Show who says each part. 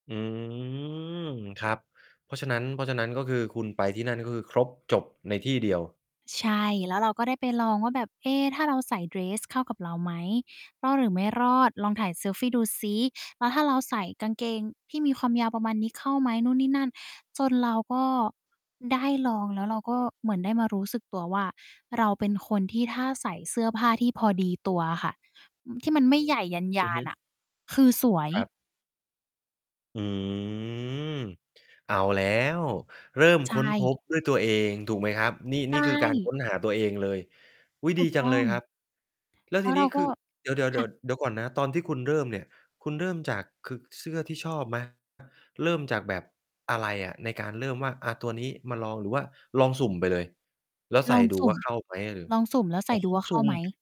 Speaker 1: อืม ครับ เพราะฉะนั้น เพราะฉะนั้นก็คือคุณไปที่นั่นก็คือครบจบในที่เดียว
Speaker 2: ใช่ แล้วเราก็ได้ไปลองว่าแบบ เอ๊ ถ้าเราใส่เดรสเข้ากับเราไหม? รอดหรือไม่รอด? ลองถ่ายเซลฟีดูสิ แล้วถ้าเราใส่กางเกงที่มีความยาวประมาณนี้เข้าไหม? นู่นนี่นั่น จนเราก็ได้ลอง แล้วเราก็เหมือนได้มารู้สึกตัวว่า เราเป็นคนที่ถ้าใส่เสื้อผ้าที่พอดีตัวอะค่ะ ที่มันไม่ใหญ่ย
Speaker 1: อื
Speaker 2: า
Speaker 1: อฮ
Speaker 2: น
Speaker 1: ึ
Speaker 2: ๆ น่ะ คือสวย
Speaker 1: ครับ อืม เอาแล้ว เริ่ม
Speaker 2: ใช
Speaker 1: ค้นพ
Speaker 2: ่
Speaker 1: บด้วยตัวเองถูกไหมครับ? นี่
Speaker 2: ใช
Speaker 1: นี่คือการค
Speaker 2: ่
Speaker 1: ้นหาตัวเองเลย อุ๊ย
Speaker 2: ถ
Speaker 1: ด
Speaker 2: ู
Speaker 1: ี
Speaker 2: ก
Speaker 1: จั
Speaker 2: ต
Speaker 1: ง
Speaker 2: ้
Speaker 1: เ
Speaker 2: อ
Speaker 1: ลยครั
Speaker 2: ง
Speaker 1: บ แล้ว
Speaker 2: แล
Speaker 1: ท
Speaker 2: ้
Speaker 1: ี
Speaker 2: วเ
Speaker 1: น
Speaker 2: ร
Speaker 1: ี้
Speaker 2: า
Speaker 1: ค
Speaker 2: ก็
Speaker 1: ือ เดี๋ยว เดี๋ยว เ
Speaker 2: ค
Speaker 1: ดี๋
Speaker 2: ่
Speaker 1: ย
Speaker 2: ะ
Speaker 1: ว เดี๋ยวก่อนนะ ตอนที่คุณเริ่มเนี่ย คุณเริ่มจาก คือเสื้อที่ชอบ ไหม? เริ่มจากแบบอะไรอะ? ในการเริ่มว่า อา ตัวนี้มาลอง หรือว่าลองสุ่มไปเลย แล้วใส
Speaker 2: ล
Speaker 1: ่
Speaker 2: อง
Speaker 1: ดู
Speaker 2: สุ
Speaker 1: ว
Speaker 2: ่
Speaker 1: ่
Speaker 2: ม
Speaker 1: า เข้า ไหม? หรือ
Speaker 2: ลองสุ่มแล้วใ
Speaker 1: อ
Speaker 2: ส
Speaker 1: ๋
Speaker 2: ่
Speaker 1: อ
Speaker 2: ดูว่า
Speaker 1: ส
Speaker 2: เข
Speaker 1: ุ
Speaker 2: ้
Speaker 1: ่
Speaker 2: าไ
Speaker 1: ม
Speaker 2: หม?